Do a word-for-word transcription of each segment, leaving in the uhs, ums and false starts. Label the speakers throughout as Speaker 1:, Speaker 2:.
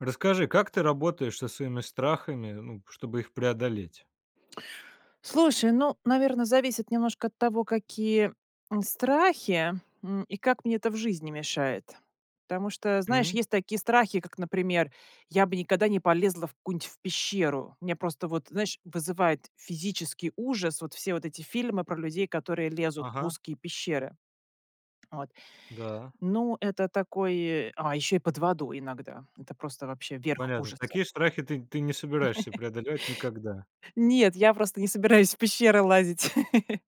Speaker 1: Расскажи, как ты работаешь со своими страхами, ну, чтобы их преодолеть?
Speaker 2: Слушай, ну, наверно, зависит немножко от того, какие, м, страхи, м, и как мне это в жизни мешает. Потому что, знаешь,
Speaker 1: М.
Speaker 2: есть такие страхи, как, например, я бы никогда не полезла в какую-нибудь в пещеру, у меня просто вот, знаешь, вызывает физический ужас вот все вот эти фильмы про людей, которые лезут в
Speaker 1: Ага.
Speaker 2: узкие пещеры. Вот,
Speaker 1: Да.
Speaker 2: ну, это такой а, еще и под водой иногда, это просто вообще верх
Speaker 1: Понятно,
Speaker 2: ужаса.
Speaker 1: такие страхи ты ты не собираешься преодолевать никогда.
Speaker 2: Нет, я просто не собираюсь в пещеры лазить.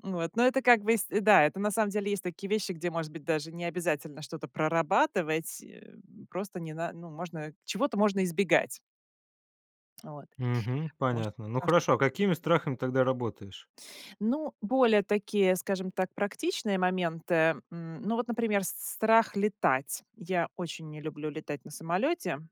Speaker 2: Вот, но это как бы, с да, это, на самом деле, есть такие вещи, где, может быть, даже не обязательно что-то прорабатывать, э, просто не на ну, можно, чего-то можно избегать. Вот.
Speaker 1: Мгм,
Speaker 2: Потому что
Speaker 1: понятно. Ну,
Speaker 2: потому что
Speaker 1: хорошо, а какими страхами тогда работаешь?
Speaker 2: Ну, более такие, скажем так, практичные моменты. М, ну вот, например, с страх летать. Я очень не люблю летать на самолете.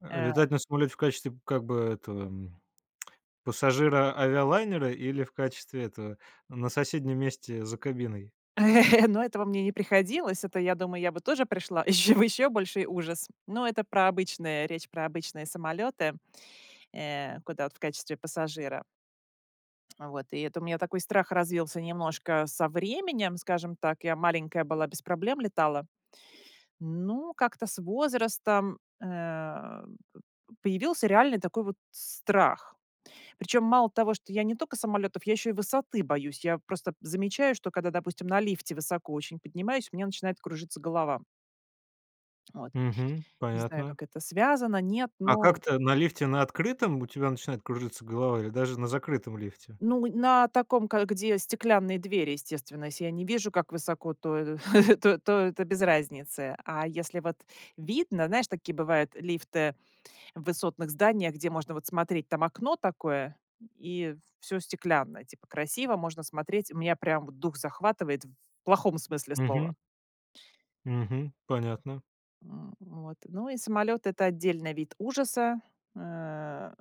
Speaker 1: А
Speaker 2: Э
Speaker 1: летать на самолете в качестве, как бы, этого, м, пассажира авиалайнера, или в качестве этого, ну, на соседнем месте за кабиной?
Speaker 2: Но этого мне не приходилось. Это, я думаю, я бы тоже пришла еще в еще больший ужас. Но это про обычные речь про обычные самолеты, э, куда вот в качестве пассажира. Вот, и это у меня такой страх развился немножко со временем, скажем так, я маленькая была- без проблем летала. Ну, как-то с возрастом, э, п п появился реальный такой вот страх. Причем мало того, что я не только самолетов, я еще и высоты боюсь. Я просто замечаю, что когда, допустим, на лифте высоко очень поднимаюсь- у меня начинает кружиться голова. Вот.
Speaker 1: Мгм.
Speaker 2: Не знаю,
Speaker 1: Понятно.
Speaker 2: как это, связано, нет,
Speaker 1: А
Speaker 2: но
Speaker 1: как-то на лифте на открытом у тебя начинает кружиться голова или даже на закрытом лифте?
Speaker 2: Ну, на таком, ка где стеклянные двери, естественно, если я не вижу, как высоко, то, э, то то это без разницы, а если вот видно знаешь, такие бывают лифты в высотных зданиях, где можно вот смотреть. Там окно такое, и всё стеклянное, типа, красиво, можно смотреть, у меня прям дух захватывает в плохом смысле слова.
Speaker 1: Мгм. Мгм. Понятно.
Speaker 2: М, вот. Ну, и самолет- это отдельный вид ужаса, э,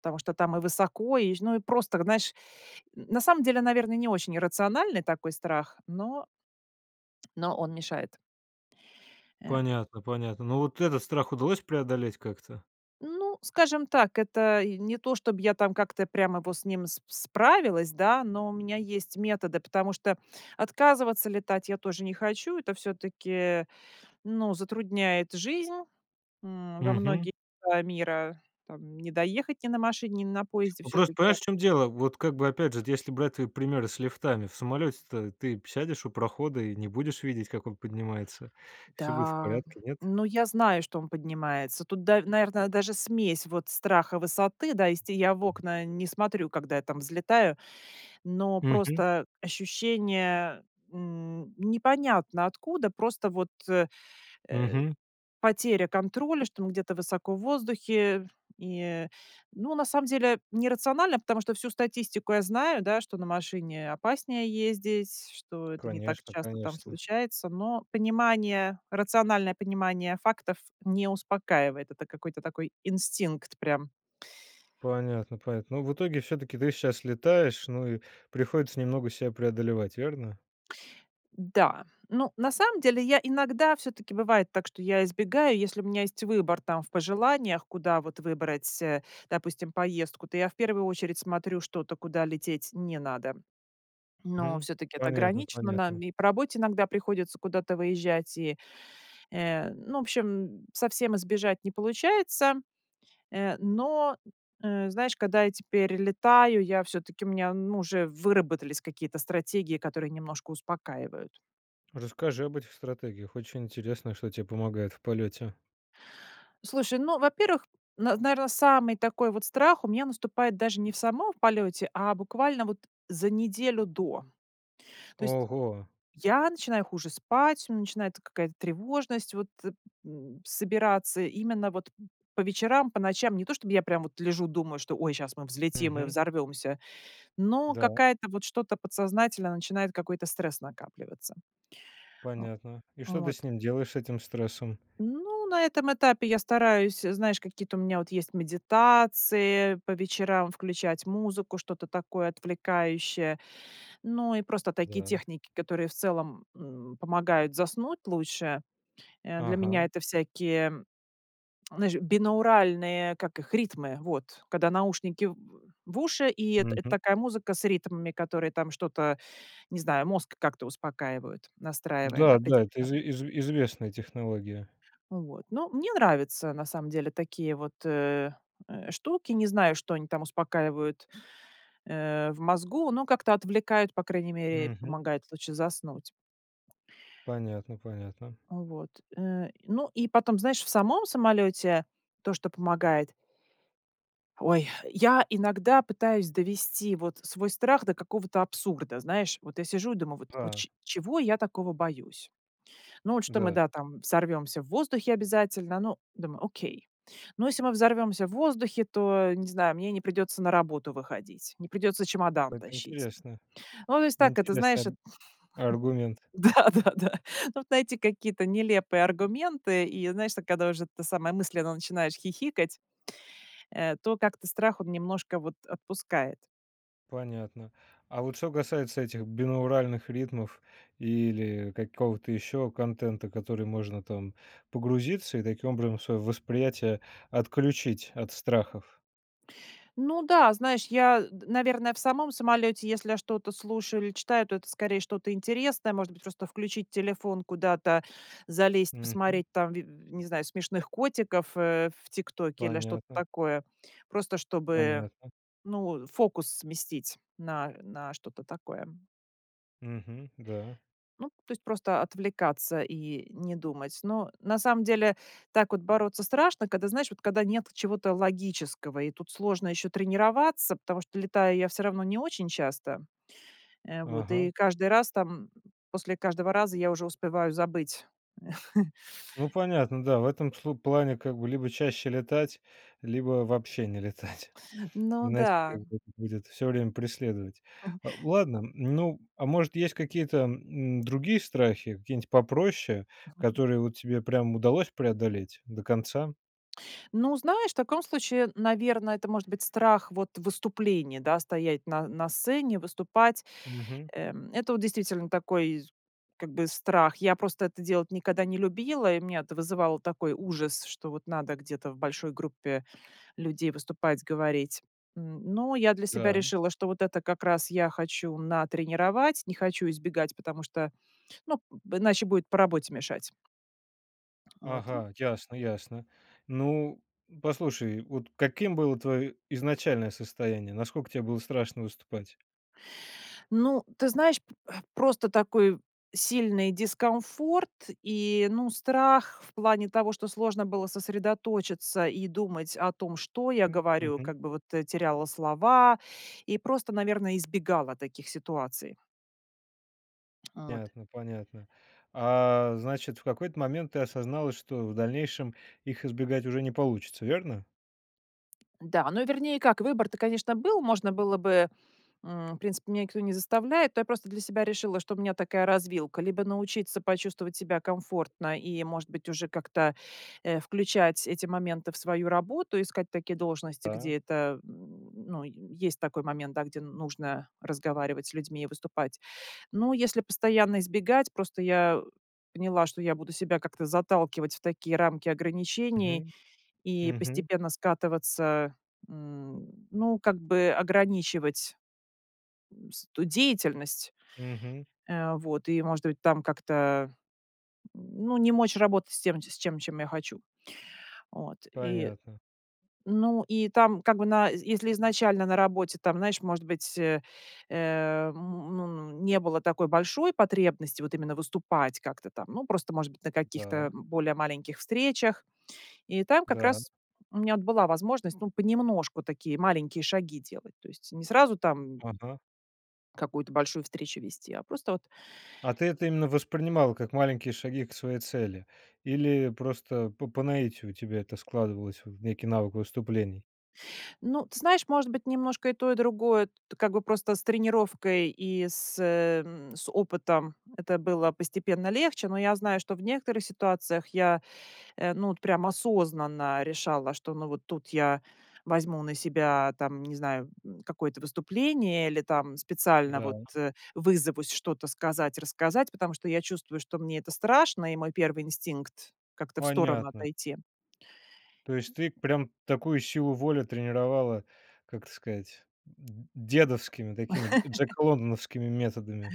Speaker 2: потому что там и высоко, и ж ну и просто, знаешь, на самом деле, наверное, не очень иррациональный такой страх, но но он мешает. Э
Speaker 1: Понятно, понятно. Ну вот этот страх удалось преодолеть как-то?
Speaker 2: Ну, скажем так, это я не то, чтобы я там, как-то, прямо вот с ним с справилась, да. Но у меня есть методы, потому что отказываться летать я тоже не хочу. Это всё-таки, ну, затрудняет жизнь, м, во
Speaker 1: Мгм.
Speaker 2: многие, а, мира, там не доехать ни на машине, ни на поезде
Speaker 1: Ну просто
Speaker 2: всё-таки.
Speaker 1: понимаешь, в чём дело, вот как бы опять же, если брать примеры с лифтами в самолете, то ты сядешь у прохода и не будешь видеть, как он поднимается, всё будет в
Speaker 2: Да,
Speaker 1: порядке, нет?
Speaker 2: ну, я знаю, что он поднимается. Тут, да, наверно, даже смесь вот страха высоты, да, есть, и я в окна не смотрю, когда я там взлетаю, но
Speaker 1: Мгм.
Speaker 2: просто ощущение, м, непонятно откуда, просто вот, э, э,
Speaker 1: Мгм.
Speaker 2: потеря контроля, что он где-то высоко в воздухе, и, ну, на самом деле не рационально, потому что всю статистику я знаю, да, что на машине опаснее ездить, что это не так
Speaker 1: Конечно,
Speaker 2: часто там
Speaker 1: конечно.
Speaker 2: случается, но понимание, рациональное понимание фактов не успокаивает, это какой-то такой инстинкт прям.
Speaker 1: Понятно, понятно. Ну, в итоге, всё-таки, ты щас летаешь, ну и приходится немного ся преодолевать. Верно?
Speaker 2: Да. Ну, на самом деле я иногда, всё-таки, бывает так, что я избегаю, если у меня есть выбор, там, в пожеланиях, куда вот выбрать, э, допустим, поездку, то я в первую очередь смотрю что-то, куда лететь не надо. Но
Speaker 1: Мгм.
Speaker 2: всё-таки это
Speaker 1: Понятно,
Speaker 2: ограничено: нам
Speaker 1: понятно.
Speaker 2: и по работе иногда приходится куда-то выезжать, и, э, ну, в общем, совсем избежать не получается, э, но, э, знаешь, когда я теперь летаю, я всё-таки у меня, м, уже выработались какие-то стратегии, которые немножко успокаивают.
Speaker 1: Расскажи об этих стратегиях, очень интересно, что те помогает в полёте.
Speaker 2: Слушай, ну, во-первых, нар наверно, самый такой вот страх у меня наступает даже не в самом в полете, а буквально вот за неделю до. То есть
Speaker 1: Ого.
Speaker 2: я начинаю хуже спать, начинается какая-то тревожность вот, м, собираться именно вот по вечерам, по ночам. Не то чтобы я прям вот лежу, думаю, что: ой, щас мы взлетим и
Speaker 1: Мгм.
Speaker 2: взорвемся, но
Speaker 1: Да.
Speaker 2: какая-то вот, что-то подсознательно начинает какой-то стресс накапливаться. О,
Speaker 1: Понятно. И что ты
Speaker 2: вот.
Speaker 1: с ним делаешь, с этим стрессом?
Speaker 2: Ну, на этом этапе я стараюсь, знаешь, какие-то у меня вот есть медитации, по вечерам включать музыку, что-то такое отвлекающее, ну и просто такие
Speaker 1: Да.
Speaker 2: техники, которые, в целом, м, помогают заснуть лучше, э. Для меня
Speaker 1: Ага.
Speaker 2: это всякие, знаешь, бинауральные, как их, ритмы, вот. Когда наушники в в уши, и эт это
Speaker 1: Мгм.
Speaker 2: такая музыка с ритмами, которые там что-то, не знаю, мозг как-то успокаивают, настраивая на
Speaker 1: Да-да, это
Speaker 2: определенный
Speaker 1: изве изве известная технология.
Speaker 2: Вот, ну, мне нравятся на самом деле такие вот, э, э, штуки, не знаю, что они там успокаивают, э, в мозгу, но как-то отвлекают, по крайней мере,
Speaker 1: Мгм.
Speaker 2: помогает лучше заснуть.
Speaker 1: Понятно, понятно.
Speaker 2: Вот, э, ну и потом, знаешь, в самом самолете то, что помогает Ой, я иногда пытаюсь довести вот свой страх до какого-то абсурда. Знаешь, вот я сижу и думаю вот: "Вот
Speaker 1: Да.
Speaker 2: чё чего я такого боюсь?". Ну, вот что мы,
Speaker 1: Да.
Speaker 2: да, там взорвемся в воздухе обязательно. Ну, думаю: "Окей. Но если мы взорвемся в воздухе, то, не знаю, мне не придется на работу выходить, не придется чемодан
Speaker 1: Это
Speaker 2: тащить".
Speaker 1: интересно.
Speaker 2: Вот, ну, то есть так, это знаешь,
Speaker 1: Интересный аргу аргумент.
Speaker 2: Да, да, да. Ну вот найти какие-то нелепые аргументы и, знаешь, так когда уже, это самое, мысленно начинаешь хихикать, э, то как-то страх он немножко вот отпускает.
Speaker 1: Понятно, а вот что касается этих бинауральных ритмов или какого-то еще контента, который можно, там, погрузиться и, таким образом, свое восприятие отключить от страхов?
Speaker 2: Ну да, знаешь, я д наверно, в самом самолете если я что-то слушаю или читаю, то это, скорее, что-то интересное может быть. Просто включить телефон, куда-то залезть,
Speaker 1: Мгм.
Speaker 2: посмотреть, там, ви не знаю, смешных котиков, э, в "ТикТоке" или что-то
Speaker 1: Понятно.
Speaker 2: такое, просто чтобы,
Speaker 1: Понятно.
Speaker 2: ну, фокус сместить на на что-то такое.
Speaker 1: Мгм. Да.
Speaker 2: Ну, то есть просто отвлекаться и не думать. Ну, на самом деле так вот бороться страшно, когда, знаешь, вот, когда нет чего-то логического и тут сложно еще тренироваться, потому что летаю я всё равно не очень часто. Э, вот
Speaker 1: Ага.
Speaker 2: и каждый раз там после каждого раза я уже успеваю забыть.
Speaker 1: Ну понятно, да, в этом слу плане, как бы, либо чаще летать, либо вообще не летать.
Speaker 2: Ну
Speaker 1: Иначе, как
Speaker 2: да.
Speaker 1: бы, это будет всё время преследовать.
Speaker 2: М.
Speaker 1: Ладно, ну, а может есть какие-то, м, другие страхи, какие нить попроще, которые вот тебе прям удалось преодолеть до конца?
Speaker 2: Ну, знаешь, в таком случае, наверно, это может быть страх вот выступления, да, стоять на на сцене, выступать,
Speaker 1: Мгм.
Speaker 2: эм, это вот действительно вот такой, как бы, страх. Я просто это делать никогда не любила, и у меня это вызывало такой ужас, что вот надо где-то в большой группе людей выступать, говорить. М, но я для себя
Speaker 1: Да.
Speaker 2: решила, что вот это как раз я хочу натренировать, не хочу избегать, потому что, ну, иначе будет по работе мешать. Вот, и
Speaker 1: Ага. Ясно-ясно, ну, послушай, вот каким было твое изначальное состояние, насколько те было страшно выступать?
Speaker 2: Ну, ты знаешь, п просто такой сильный дискомфорт и, ну, страх в плане того, что сложно было сосредоточиться и думать о том, что я
Speaker 1: М,
Speaker 2: говорю.
Speaker 1: мгм.
Speaker 2: Как бы вот, э, теряла слова и просто, наверное, избегала таких ситуаций. От
Speaker 1: Понятно, понятно. А, значит, в какой-то момент ты осознала, что в дальнейшем их избегать уже не получится, верно?
Speaker 2: Да, ну вернее как, выбор-то, конечно, был, можно было бы, м, в принципе, меня никто не заставляет, но я просто для себя решила, что у меня такая развилка: либо научиться почувствовать себя комфортно и, может быть, уже как-то, э, включать эти моменты в свою работу, искать такие должности,
Speaker 1: Да.
Speaker 2: где это, м, ну, есть такой момент, да, где нужно разговаривать с людьми и выступать. Но если постоянно избегать просто я поняла, что я буду себя как-то заталкивать в такие рамки ограничений
Speaker 1: Мгм,
Speaker 2: и
Speaker 1: мгм.
Speaker 2: постепенно скатываться, м, ну, как бы ограничивать, м, с ту деятельность,
Speaker 1: Мгм.
Speaker 2: э, вот. И, может быть, там как-то, м, ну, не мочь работать с тем, с ч с чем я хочу, от. И,
Speaker 1: Понятно.
Speaker 2: ну, и там как бы на з если изначально на работе там, знаешь, может быть, э, м, н ну, не было такой большой потребности вот именно выступать как-то там. Ну, просто, может быть, на каких-то
Speaker 1: Да.
Speaker 2: более маленьких встречах. И там как
Speaker 1: Да.
Speaker 2: раз у меня вот была возможность, ну, понемножку такие маленькие шаги делать. То есть не сразу там
Speaker 1: Ага.
Speaker 2: какую-то большую встречу вести, а просто вот
Speaker 1: А ты это именно воспринимала как маленькие шаги к своей цели или просто по по наитию у тебя это складывалось в некий навык выступлений?
Speaker 2: Ну, ты знаешь, может быть, немножко и то, и другое, как бы просто с тренировкой и с, э, м, с опытом это было постепенно легче. Но я знаю, что в некоторых ситуациях я, э, ну, от прям осознанно решала, что, ну, вот тут я возьму на себя, там не знаю, м, какое-то выступление или там специально
Speaker 1: Да.
Speaker 2: вот, э, вызовусь что-то сказать, рассказать, потому что я чувствую, что мне это страшно, и мой первый инстинкт- как-то в сторону
Speaker 1: Понятно.
Speaker 2: отойти.
Speaker 1: То есть ты прям такую силу воли тренировала, как это сказать, д дедовскими такими дж джеколондановскими методами.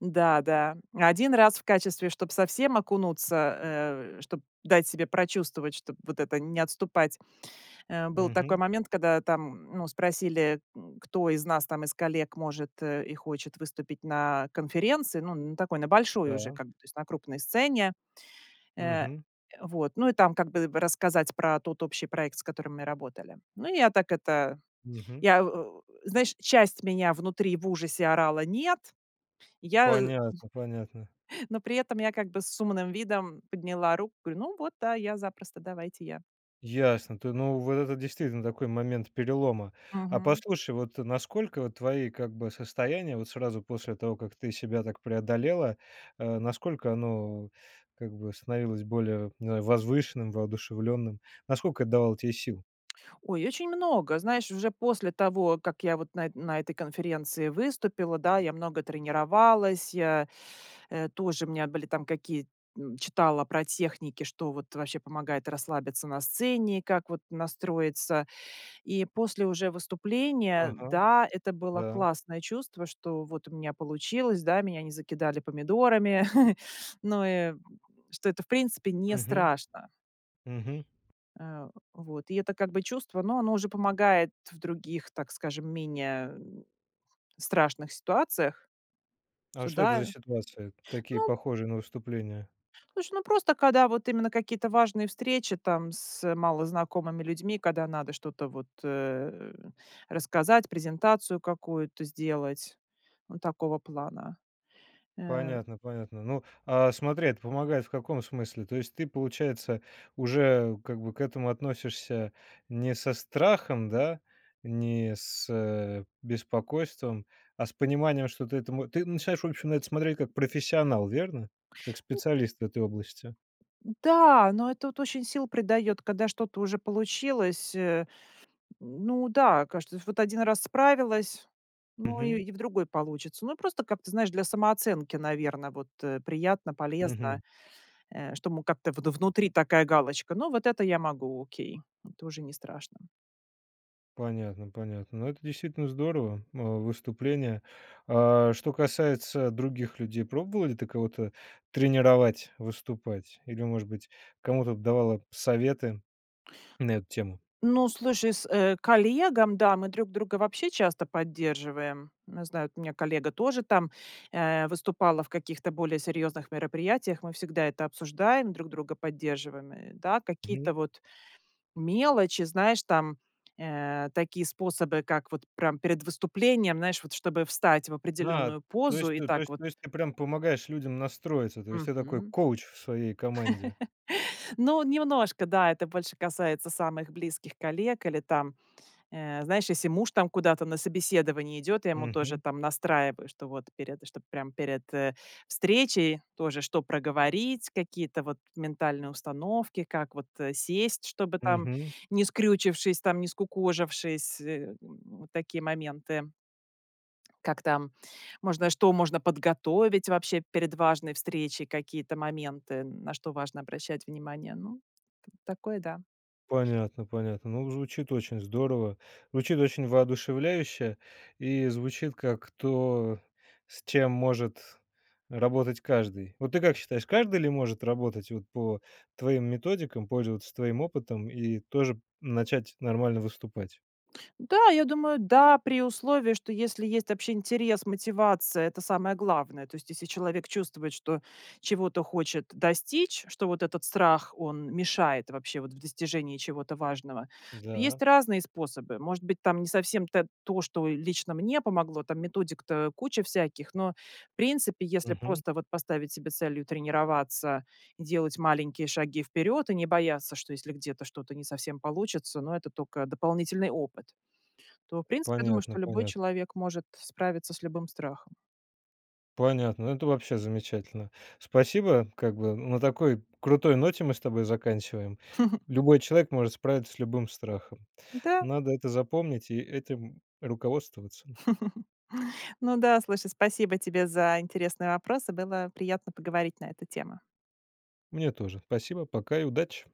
Speaker 2: Да, да, один раз в качестве, чтоб совсем окунуться, э, чтоб дать себе прочувствовать, чтоб вот это не отступать, э. Был такой
Speaker 1: Мгм.
Speaker 2: момент, когда там, ну, спросили, кто из нас там, из коллег может, э, и хочет выступить на конференции. Ну, на такой, на большой уже,
Speaker 1: Да.
Speaker 2: как бы, то есть на крупной сцене. Э,
Speaker 1: Мгм.
Speaker 2: вот, ну и там, как бы бы рассказать про тот общий проект, с которым мы работали. Ну, я так это,
Speaker 1: Мгм.
Speaker 2: я, о, знаешь, часть меня внутри в ужасе орала: "Нет!" Я,
Speaker 1: Понятно, понятно.
Speaker 2: но при этом я, как бы, с умным видом подняла руку, говорю: "Ну вот, да, я запросто, давайте я".
Speaker 1: Ясно, ты ну, вот это действительно такой момент перелома. А
Speaker 2: Мгм.
Speaker 1: послушай, вот насколько вот твои, как бы, состояния вот сразу после того, как ты себя так преодолела, а насколько оно, как бы, становилось более возвышенным, воодушевленным? Насколько это давало тебе сил?
Speaker 2: Ой, очень много! Знаешь, уже после того, как я вот на на этой конференции выступила, да, я много тренировалась, я, э, тоже у меня были там какие читала про техники. Что вот вообще помогает расслабиться на сцене, как вот настроиться. И после уже выступления,
Speaker 1: Ага.
Speaker 2: да, это было
Speaker 1: Да.
Speaker 2: классное чувство, что вот у меня получилось, да. Меня не закидали помидорами. Ну и что это, в принципе, не
Speaker 1: Мгм.
Speaker 2: страшно.
Speaker 1: Мгм.
Speaker 2: Э. Вот. И это как бы чувство, ну, оно уже помогает в других, так скажем, менее страшных ситуациях.
Speaker 1: А
Speaker 2: Со
Speaker 1: что это за
Speaker 2: да.
Speaker 1: ситуации такие,
Speaker 2: Ну
Speaker 1: похожие на выступления?
Speaker 2: Слушай, ну просто, когда вот именно какие-то важные встречи там с малознакомыми людьми, когда надо что-то вот, э, рассказать, презентацию какую-то сделать- вот такого плана. Э.
Speaker 1: Понятно, понятно. Ну, а смотри, это помогает в каком смысле? То есть ты, получается, уже как бы к этому относишься не со страхом, да, не с, э, беспокойством, а с пониманием, что ты этому ты начинаешь, в общем, на это смотреть как профессионал, верно? Как специалист в этой области.
Speaker 2: Да, ну это вот очень сил придает, когда что-то уже получилось, э. Ну да, кажется, вот один раз справилась, ну и
Speaker 1: Мгм.
Speaker 2: и в другой получится. Ну и просто как-то, знаешь, для самооценки, наверное, вот, э, приятно, полезно,
Speaker 1: Мгм.
Speaker 2: э, что мы как-то вд внутри такая галочка. Ну, вот это я могу, окей. Это уже не страшно.
Speaker 1: Понятно, понятно. Ну, это действительно здорово, а выступление А, а, что касается других людей, пробовала ты кого-то тренировать выступать или, может быть, кому-то давала советы на эту тему?
Speaker 2: Ну, слушай, с, э, коллегам, да, мы друг друга вообще часто поддерживаем. Не знаю, у меня коллега тоже там, э, выступала в каких-то более серьезных мероприятиях. Мы всегда это обсуждаем, друг друга поддерживаем, э, да, какие-то
Speaker 1: Мгм.
Speaker 2: вот мелочи, знаешь, там, э, такие способы, как вот прям перед выступлением, знаешь, вот чтобы встать в
Speaker 1: Да!
Speaker 2: определенную
Speaker 1: То
Speaker 2: позу
Speaker 1: есть
Speaker 2: и
Speaker 1: т то
Speaker 2: так
Speaker 1: есть
Speaker 2: вот
Speaker 1: то есть ты прям помогаешь людям настроиться, то есть я такой
Speaker 2: Мгм.
Speaker 1: коуч в своей команде.
Speaker 2: Ну, немножко, да. Это больше касается самых близких коллег или там, э, знаешь, если муж там куда-то на собеседование идет. Я ему тоже
Speaker 1: Мгм.
Speaker 2: там настраиваю, что вот перед чтоб прям перед, э, встречей тоже, что проговорить, какие-то вот ментальные установки, как вот, э, сесть, чтобы там
Speaker 1: Мгм.
Speaker 2: не скрючившись там, не скукожившись, м. Вот такие моменты. Как там можно, что можно подготовить вообще перед важной встречей, какие-то моменты, на что важно обращать внимание. Ну, такое, да.
Speaker 1: Понятно, понятно, ну, звучит очень здорово, звучит очень воодушевляюще и звучит как то, с чем может работать каждый. Вот ты как считаешь, каждый ли может работать вот по твоим методикам, пользоваться твоим опытом и тоже начать нормально выступать?
Speaker 2: Да, я думаю, да, при условии, что если есть вообще интерес, мотивация, это самое главное. То есть, если человек чувствует, что чего-то хочет достичь, что вот этот страх, он мешает вообще вот в достижении чего-то важного, то
Speaker 1: Да.
Speaker 2: есть разные способы. Может быть, там не совсем та то, что лично мне помогло. Там методик-то куча всяких, но, в принципе, если
Speaker 1: Мгм.
Speaker 2: просто вот поставить себе целью тренироваться, делать маленькие шаги вперед и не бояться, что если где-то что-то не совсем получится, но это токо дополнительный опыт, то, в принципе, я думаю,
Speaker 1: Понятно,
Speaker 2: что любой
Speaker 1: понятно.
Speaker 2: человек может справиться с любым страхом.
Speaker 1: Понятно! Ну, это вообще замечательно! Спасибо, как бы на такой крутой ноте мы с тобой заканчиваем. Любой человек может справиться с любым страхом.
Speaker 2: Да.
Speaker 1: Надо это запомнить и этим руководствоваться.
Speaker 2: Ну да, слушай, спасибо тебе за интересные вопросы, было приятно поговорить на эту тему.
Speaker 1: Мне тоже. Спасибо. Пока и удачи.